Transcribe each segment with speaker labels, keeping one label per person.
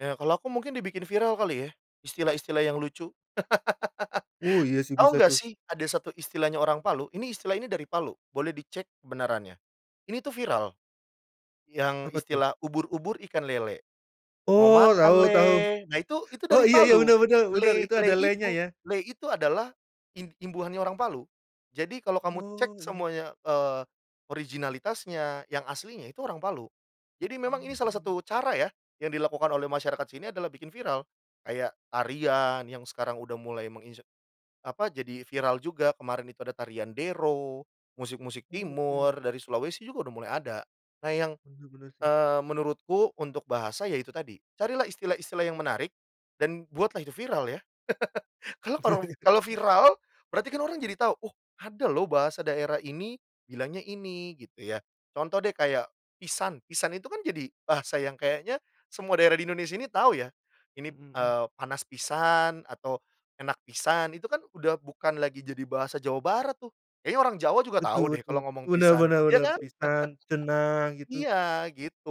Speaker 1: Ya kalau aku mungkin dibikin viral kali ya. Istilah-istilah yang lucu.
Speaker 2: Oh iya sih bisa
Speaker 1: Tahu enggak
Speaker 2: tuh.
Speaker 1: sih ada satu istilahnya orang Palu, ini istilah ini dari Palu, boleh dicek kebenarannya. Ini tuh viral. Yang
Speaker 2: Apa tuh?
Speaker 1: istilah "ubur-ubur ikan lele, mau
Speaker 2: Oh
Speaker 1: makan
Speaker 2: tahu tahu.
Speaker 1: le." Nah itu itu
Speaker 2: Oh
Speaker 1: dari
Speaker 2: iya iya
Speaker 1: Palu.
Speaker 2: bener bener bener
Speaker 1: Le
Speaker 2: itu
Speaker 1: le
Speaker 2: ada "le"-nya
Speaker 1: itu
Speaker 2: ya!
Speaker 1: le itu adalah im imbuhannya orang Palu. Jadi kalau kamu cek
Speaker 2: Oh iya.
Speaker 1: semuanya, eee, originalitasnya, yang aslinya itu orang Palu. Jadi memang ini salah
Speaker 2: Mhm.
Speaker 1: satu cara ya yang dilakukan oleh masyarakat sini adalah bikin viral. Kayak tarian yang sekarang udah mulai menginse apa, jadi viral juga kemarin itu ada tarian Dero, musik-musik timur,
Speaker 2: Oke.
Speaker 1: dari Sulawesi juga udah mulai ada. Nah yang,
Speaker 2: Bener bener sih.
Speaker 1: eee, menurutku untuk bahasa ya itu tadi. Carilah istilah-istilah yang menarik dan buatlah itu viral ya. Karena kalau kalau viral, berarti kan orang jadi tahu, oh ada loh bahasa daerah ini, bilangnya ini. Gitu ya. Contoh deh kayak "pisan". "Pisan" itu kan jadi bahasa yang kayaknya semua daerah di Indonesia ini tahu ya. Ini,
Speaker 2: Mhm mhm.
Speaker 1: eee, "panas pisan", atau "enak pisan", itu kan udah bukan lagi jadi bahasa Jawa Barat tuh. Kayaknya orang Jawa juga tahu
Speaker 2: Betul
Speaker 1: deh
Speaker 2: betul.
Speaker 1: kalau ngomong
Speaker 2: Benar
Speaker 1: "pisan".
Speaker 2: benar
Speaker 1: Iya
Speaker 2: bener.
Speaker 1: kan?
Speaker 2: "Pisan", "ceunah", gitu.
Speaker 1: Iya gitu.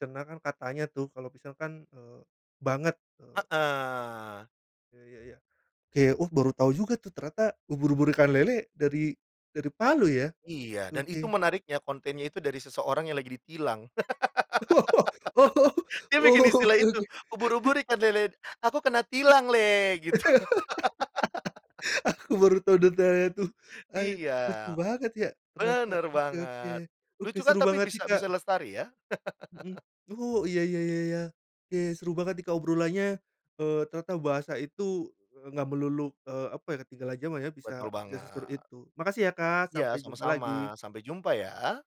Speaker 2: "Ceunah" kan, "katanya" tuh, kalau "pisan" kan, eee, "banget", eee
Speaker 1: Heeh.
Speaker 2: Ya ya ya. Ke, oh baru tahu juga tuh ternyata "ubur-ubur, ikan lele" dari dari Palu ya.
Speaker 1: Iya dan itu
Speaker 2: Oke.
Speaker 1: menariknya, kontennya itu dari seseorang yang lagi ditilang.
Speaker 2: Oh oh, oh
Speaker 1: Dia bikin
Speaker 2: oh,
Speaker 1: istilah
Speaker 2: oke
Speaker 1: itu,
Speaker 2: oke.
Speaker 1: "ubur-ubur ikan lele, aku kena tilang le," gitu.
Speaker 2: Aku baru tahu detailnya tuh, eh,
Speaker 1: Iya.
Speaker 2: lucu banget ya ternyata.
Speaker 1: Bener
Speaker 2: Oke oke,
Speaker 1: banget.
Speaker 2: oke
Speaker 1: Lucu kan
Speaker 2: seru
Speaker 1: tapi, tapi
Speaker 2: banget
Speaker 1: bisa
Speaker 2: nih Kak!
Speaker 1: bisa lestari ya.
Speaker 2: Mhm, oh iya iya iya iya. Iya, seru banget nih Kak obrolannya, eee, ternyata bahasa itu, eee, nggak melulu, eee, apa ya, ketinggalan jaman ya. Bisa
Speaker 1: Betul
Speaker 2: bisa seseru
Speaker 1: banget.
Speaker 2: itu. Makasih ya Kak
Speaker 1: Ya
Speaker 2: sampai jumpa lagi!
Speaker 1: sama-sama, sampai jumpa ya!